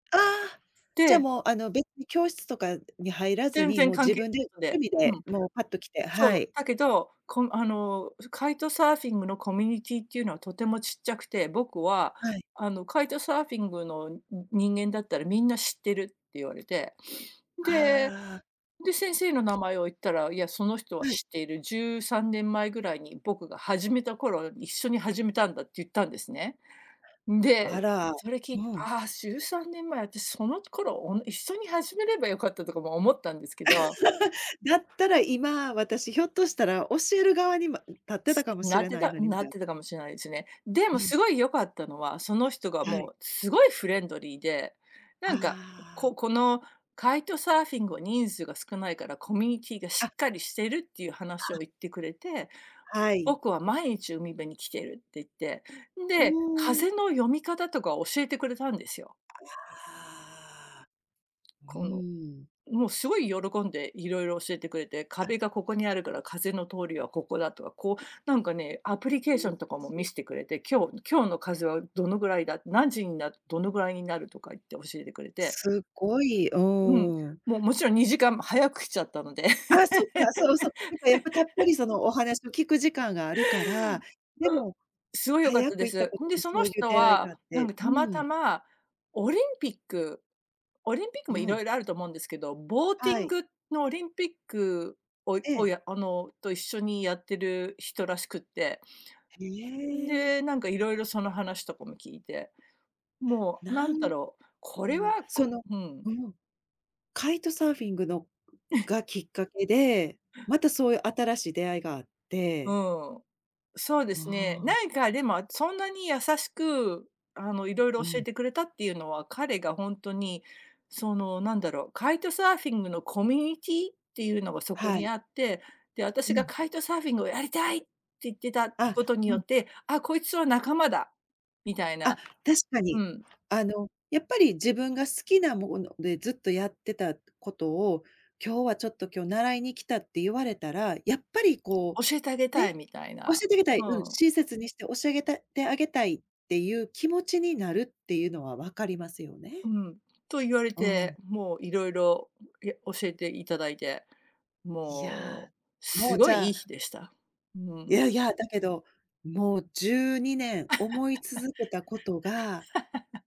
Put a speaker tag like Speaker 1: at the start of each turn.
Speaker 1: ああ。じゃ
Speaker 2: で。
Speaker 1: もうあの別に教室とかに入らず
Speaker 2: 全
Speaker 1: に、
Speaker 2: 然
Speaker 1: もう
Speaker 2: 関
Speaker 1: 自
Speaker 2: 係
Speaker 1: 分で
Speaker 2: ないので、
Speaker 1: 趣味
Speaker 2: う
Speaker 1: で
Speaker 2: ん。
Speaker 1: もうぱっと来て、
Speaker 2: そ
Speaker 1: は
Speaker 2: う、
Speaker 1: い。
Speaker 2: だけど、こあのカイトサーフィングのコミュニティーっていうのはとてもちっちゃくて。僕は
Speaker 1: はい。
Speaker 2: あのカイトサーフィングの人間だったらみんな知ってるって言われて。で、
Speaker 1: ああ。
Speaker 2: 先生の名前を言ったら、いや、その人は
Speaker 1: はい。
Speaker 2: 知っている、13年前ぐらいに僕が始めた頃一緒に始めたんだって言ったんですね。ん
Speaker 1: あ
Speaker 2: で、
Speaker 1: ら、
Speaker 2: それ聞いて、
Speaker 1: うん。
Speaker 2: ああ、13年前、私その頃お一緒に始めればよかったとかも思ったんですけど。
Speaker 1: だったら今、私ひょっとしたら教える側にま立ってたかもし
Speaker 2: なっ
Speaker 1: れ
Speaker 2: て
Speaker 1: ない
Speaker 2: た
Speaker 1: のに、み
Speaker 2: な
Speaker 1: た
Speaker 2: っ
Speaker 1: いな。
Speaker 2: てたかもしれないですね。で
Speaker 1: う
Speaker 2: も
Speaker 1: ん。
Speaker 2: 凄い良かったのは、その人が
Speaker 1: は
Speaker 2: も
Speaker 1: い。
Speaker 2: う凄いフレンドリーで。な
Speaker 1: あ
Speaker 2: んか、
Speaker 1: あ。
Speaker 2: ここの、カイトサーフィンは人数が少ないから、コミュニティーがし
Speaker 1: あ。
Speaker 2: っかりしてるっていう話を
Speaker 1: あ。
Speaker 2: 言ってくれて。
Speaker 1: はい。
Speaker 2: 僕は毎日海辺に来てるって言って、
Speaker 1: う
Speaker 2: で、
Speaker 1: ん。
Speaker 2: 風の読み方とかを教えてくれたんですよ。
Speaker 1: ああ、う
Speaker 2: この、
Speaker 1: ーん。
Speaker 2: もうすごい喜んで色々教えてくれて。
Speaker 1: あ。
Speaker 2: 壁がここにあるから風の通りはここだとか、こう、なんかね、アプリケーションとかも見
Speaker 1: [unintelligible]
Speaker 2: してくれて。今日今日の風はどのぐらいだ、何時になどのぐらいになるとか言って教えてくれて。
Speaker 1: すっごい、う
Speaker 2: うん、
Speaker 1: ーん。
Speaker 2: もうもちろん2時間早く来ちゃったので。
Speaker 1: ああ、そっか、そうそう。なんかやっぱたっぷ りそのお話を聞く時間があるから、で
Speaker 2: う。
Speaker 1: も、
Speaker 2: すごい良かっ
Speaker 1: 早
Speaker 2: た
Speaker 1: く
Speaker 2: で
Speaker 1: 行った
Speaker 2: す。
Speaker 1: こ
Speaker 2: そん
Speaker 1: と
Speaker 2: で、
Speaker 1: で
Speaker 2: そ
Speaker 1: そ
Speaker 2: の
Speaker 1: ういう
Speaker 2: 人
Speaker 1: 出会いがあ
Speaker 2: は、
Speaker 1: っ
Speaker 2: なん
Speaker 1: て、
Speaker 2: か
Speaker 1: う
Speaker 2: たまた
Speaker 1: ん。
Speaker 2: まオリンピック、オリンピック
Speaker 1: う
Speaker 2: も色
Speaker 1: ん。
Speaker 2: 々あると思うんですけど。ボーティ
Speaker 1: は
Speaker 2: ン
Speaker 1: い。
Speaker 2: グのオリンピックを
Speaker 1: ええ。
Speaker 2: をあの、と一緒にやっている人らしくって。
Speaker 1: へえ。
Speaker 2: で、なんか色々その話とかも聞いて、もう
Speaker 1: な
Speaker 2: 何
Speaker 1: ん
Speaker 2: だろう、これ
Speaker 1: わ
Speaker 2: は、
Speaker 1: そ
Speaker 2: こ、
Speaker 1: の
Speaker 2: うん。
Speaker 1: うん、カイトサーフィングのがきっかけで、またそういう新しい出会いがあっ
Speaker 2: う
Speaker 1: て。
Speaker 2: ん。そうで
Speaker 1: あ
Speaker 2: すね。
Speaker 1: あ。
Speaker 2: なんかでもそんなに優しく、あの色
Speaker 1: う
Speaker 2: 々教え
Speaker 1: ん。
Speaker 2: てくれたっていうのは、彼が本当に、その何だろう、カイトサーフィングのコミュニティーっていうのがそこ
Speaker 1: は
Speaker 2: に
Speaker 1: い。
Speaker 2: あって。で、
Speaker 1: う
Speaker 2: 私が
Speaker 1: ん。
Speaker 2: カイトサーフィングをやりたいって言ってた
Speaker 1: あ、
Speaker 2: ことに
Speaker 1: う
Speaker 2: よ
Speaker 1: ん。
Speaker 2: って、あ、こいつは仲間だみたい
Speaker 1: あ、
Speaker 2: な。
Speaker 1: 確か
Speaker 2: う
Speaker 1: に。
Speaker 2: ん。
Speaker 1: あのやっぱり自分が好きなものでずっとやってたことを、今日はちょっと今日習いに来たって言われたら。やっぱりこ
Speaker 2: 教えてあげ
Speaker 1: う、
Speaker 2: たい
Speaker 1: ね、
Speaker 2: みたい
Speaker 1: 教
Speaker 2: な。
Speaker 1: えてあげたい、
Speaker 2: う
Speaker 1: うん、
Speaker 2: ん。
Speaker 1: 親切にして教え上げたてあげたいっていう気持ちになるっていうのは分かりますよ
Speaker 2: う
Speaker 1: ね。
Speaker 2: ん。と言われ
Speaker 1: う
Speaker 2: て。
Speaker 1: ん。
Speaker 2: もういろいろや教えて頂いて、
Speaker 1: いや、
Speaker 2: もう
Speaker 1: も
Speaker 2: す
Speaker 1: うじ
Speaker 2: ごいい
Speaker 1: ゃ
Speaker 2: い
Speaker 1: あ。
Speaker 2: 日でした。う
Speaker 1: い
Speaker 2: ん。
Speaker 1: やいや、だけど、もう12年思い続けたことが。